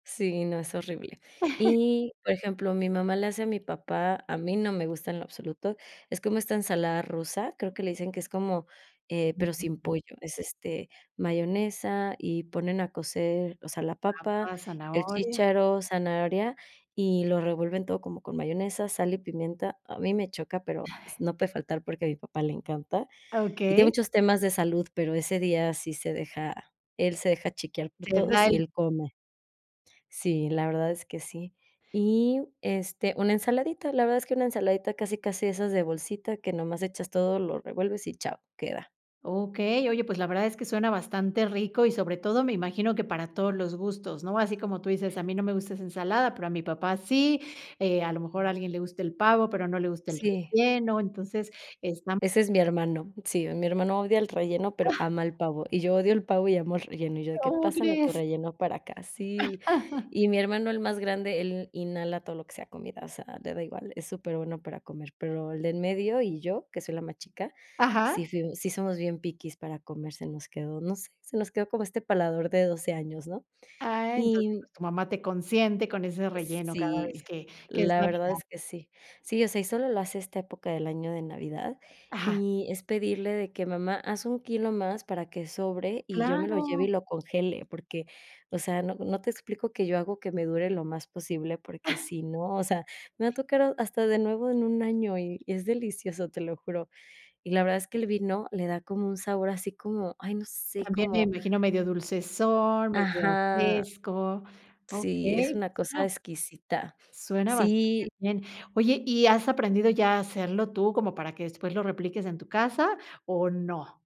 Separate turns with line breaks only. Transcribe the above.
Sí, no, es horrible. Y, por ejemplo, mi mamá le hace a mi papá, a mí no me gusta en lo absoluto, es como esta ensalada rusa, creo que le dicen que es como, eh, pero sin pollo. Es, este, mayonesa y ponen a cocer, o sea, la papa,
Papas,
el
zanahoria
chícharo, zanahoria, y lo revuelven todo como con mayonesa, sal y pimienta. A mí me choca, pero s no puede faltar porque a mi papá le encanta y tiene
Okey.
muchos temas de salud, pero ese día sí se deja, él se deja chiquear por
Te
todos
da
y
el
él come. Sí, la verdad es que sí. Y, este, una ensaladita, la verdad es que una ensaladita, casi, casi esas de bolsita, que nomás echas todo, lo revuelves y chao, queda.
okey, oye, pues la verdad es que suena bastante rico y, sobre todo, me imagino que para todos los gustos, ¿no? Así como tú dices, a mí no me gusta esa ensalada, pero a mi papá sí, eh, a lo mejor a alguien le gusta el pavo, pero no le gusta el
Sí.
relleno, entonces, están
Ese es mi hermano. Sí, mi hermano odia el relleno, pero ama el pavo. Y yo odio el pavo y amo el relleno. Y yo de que
¿Cómo
pásame tu
crees?
relleno para acá. Sí, y mi hermano, el más grande, él inhala todo lo que sea comida, o sea, le da igual, es superbueno para comer, pero el de en medio y yo, que soy la más chica, sí
Ajá.
fu sí somos bien piquis para comer, se nos quedó, no sé, se nos quedó como este paladar de 12 años, ¿no?
Ah, entonces,
Y
pues tu mamá te consiente con ese relleno cada vez
sí,
que que es
la verdad
navidad.
es que sí. Sí, o sea, y solo lo hace esta época del año de Navidad
Ajá.
y es pedirle de que: ''Mamá, haz un kilo más para que sobre y yo me lo lleve y
Claro.
lo congele'', porque, o sea, no no te explico que yo hago que me dure lo más posible, porque, si no, o sea, me va tocar ha hasta de nuevo en un año y y es delicioso, te lo juro. Y la verdad es que el vino le da como un sabor así como, ay, no sé,
También, me
como
imagino, medio dulcezón, medio
ajá,
fresco.
sí, es
Okey,
una
pues
cosa
suena
exquisita.
suena bastante
Sí.
bien. Oye, ¿y has aprendido ya a hacerlo tú, como para que después lo repliques en tu casa, o no?